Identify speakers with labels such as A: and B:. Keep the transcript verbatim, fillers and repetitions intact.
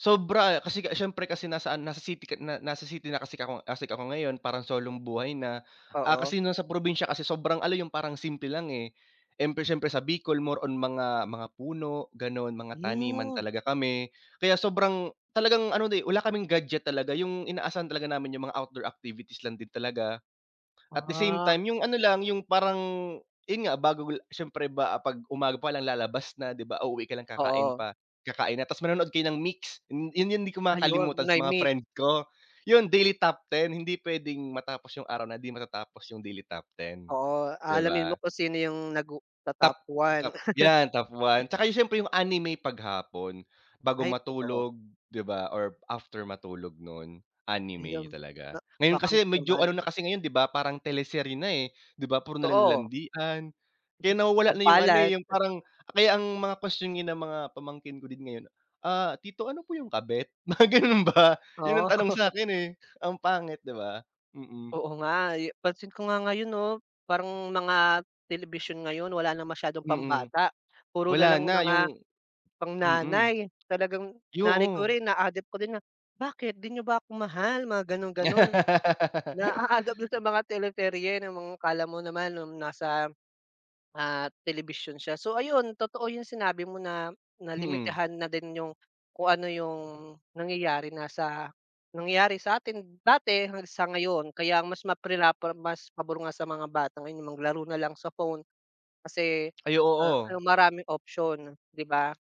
A: Sobra, eh, kasi kas syempre kasi nasa ano nasa city ka na na nasa city na kasi kako kasi ako ngayon, parang solong buhay na. Ah,
B: Oo.
A: kasi noon sa probinsya kasi sobrang ano 'yung parang simple lang, eh, empre siyempre sa Bicol more on mga mga puno ganon, mga taniman
B: Hmm.
A: talaga kami. Kaya sobrang, talagang ano eh, wala kaming gadget talaga, 'yung inaasahan talaga namin 'yung mga outdoor activities lang din talaga. At the same
B: Ah.
A: time 'yung ano lang 'yung, parang, 'yun nga bago syempre ba 'pag umaga pa lang lalabas na 'di ba? Uuwi ka lang kakain
B: Oo.
A: pa kakain na, tapos manonood kayo ng Myx, 'yun 'yun 'yung 'di ko
B: Ayun,
A: makakalimutan sa
B: na
A: mga
B: Myx.
A: friend ko. 'Yun daily top ten hindi puwedeng matapos 'yung araw na hindi matatapos 'yung daily top ten,
B: Oo,
A: 'di
B: aalamin mo
A: ba?
B: kung sino 'yung nag-u
A: Top
B: to-top one.
A: top 'yan, top one. 'Tsaka yung siyempre 'yung anime 'pag hapon, bago
B: Ay, totoo.
A: matulog, 'di ba, or after matulog noon, anime
B: Ayun, na
A: talaga. Ngayon
B: [unintelligible]
A: kasi, medyo ano
B: naman.
A: na kasi ngayon 'di ba, parang teleserye na, eh. 'Di ba, puro nalang
B: Totoo.
A: landian, kaya nawawala na 'yung ano, eh,
B: Sampalan.
A: 'yung parang, kaya ang mga kwestyon ng mga pamangkin ko din ngayon, "Ah, tito ano po 'yung kabet?" mga ganun ba, 'yun
B: Oo.
A: ang tanong sa'kin, eh, ang pangit 'di ba? Mm.
B: Oo nga, yu pansin ko nga ngayon 'no? Parang mga telebisyon ngayon wala na masyadong
A: Mm.
B: pambata, puro nalang
A: Wala na,
B: mga
A: 'yung
B: pang
A: mm.
B: nanay. Talagang
A: 'Yo
B: nanay ko
A: oh.
B: rin na-a-adapt ko din na, "Bakit di niyo ba ako mahal?" Mga ganon-ganon. Na-aadapt na sa mga teleserye na mga akala mo naman noong nasa, ah, telebisyon siya. So ayun, totoo 'yung sinabi mo na na
A: Mm.
B: limitahan na din 'yung, kung ano 'yung nangyayari na sa, nangyari sa atin dati na sa ngayon, kaya ang mas ma prinapra mas pabor nga sa mga bata ngayon yung maglaro na lang sa phone, kasi
A: Ay,
B: a a
A: oo.
B: 'yung maraming option, 'di ba?